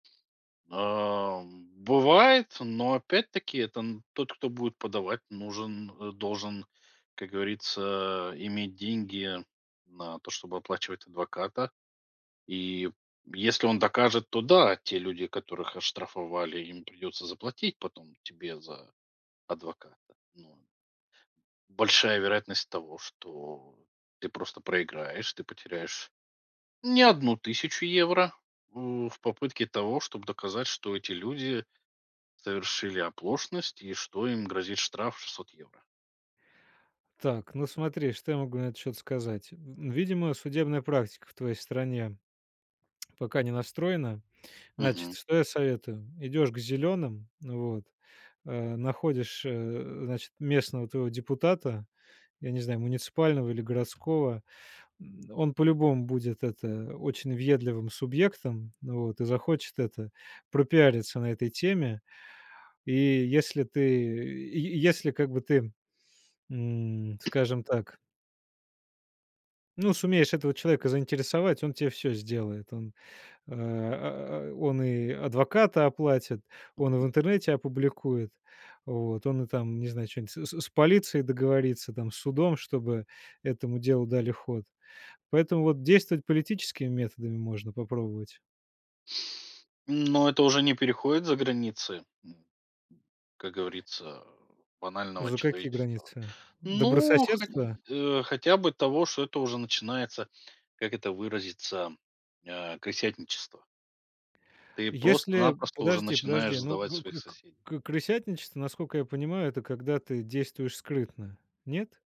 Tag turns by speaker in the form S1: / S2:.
S1: А, м, бывает, но, опять-таки, там тот, кто будет подавать, нужен э, должен, как говорится, а, иметь деньги на то, чтобы оплачивать адвоката, и если он докажет, то да, те люди, которых оштрафовали, им придется заплатить потом тебе за адвоката, но Большая вероятность того, что ты просто проиграешь, ты потеряешь не 1 тысячу евро, у, в попытке того, чтобы доказать, что эти люди совершили оплошность и что им грозит штраф 600 евро.
S2: Так, ну смотри, что я могу на этот счёт сказать? М, видимо, судебная практика в твоей стране пока не настроена. Значит,
S1: Мгм.
S2: что я советую? Идёшь к зелёным, вот, а находишь, э, значит, местного твоего депутата, я не знаю, муниципального или городского, м, он по-любому будет, это, очень въедливым субъектом, вот, и захочет, это, пропиариться на этой теме. И если ты, й если, как бы, ты, м, скажем так ну, сумеешь этого человека заинтересовать, он те всё сделает. Он, а, он и адвоката оплатит, он в интернете опубликует, вот, он и там, не знаю, чё-нибудь с с с полицией договорится, там, с судом, чтобы этому делу дали ход. Поэтому вот действовать политическими методами можно попробовать.
S1: Но это уже не переходит за границы, м, как говорится, банального
S2: За какие
S1: человеческого.
S2: границы?
S1: Ну, хоть,
S2: Добрососедства?
S1: э, хотя бы того, что это уже начинается, как это выразиться, а, крысятничество. Ты
S2: Если
S1: просто-напросто уже начинаешь
S2: подожди-подожди, ну,
S1: сдавать
S2: к
S1: своих
S2: к к
S1: соседей.
S2: к крысятничество, наскока я понимаю, это когда ты действуешь скрытно. Нет?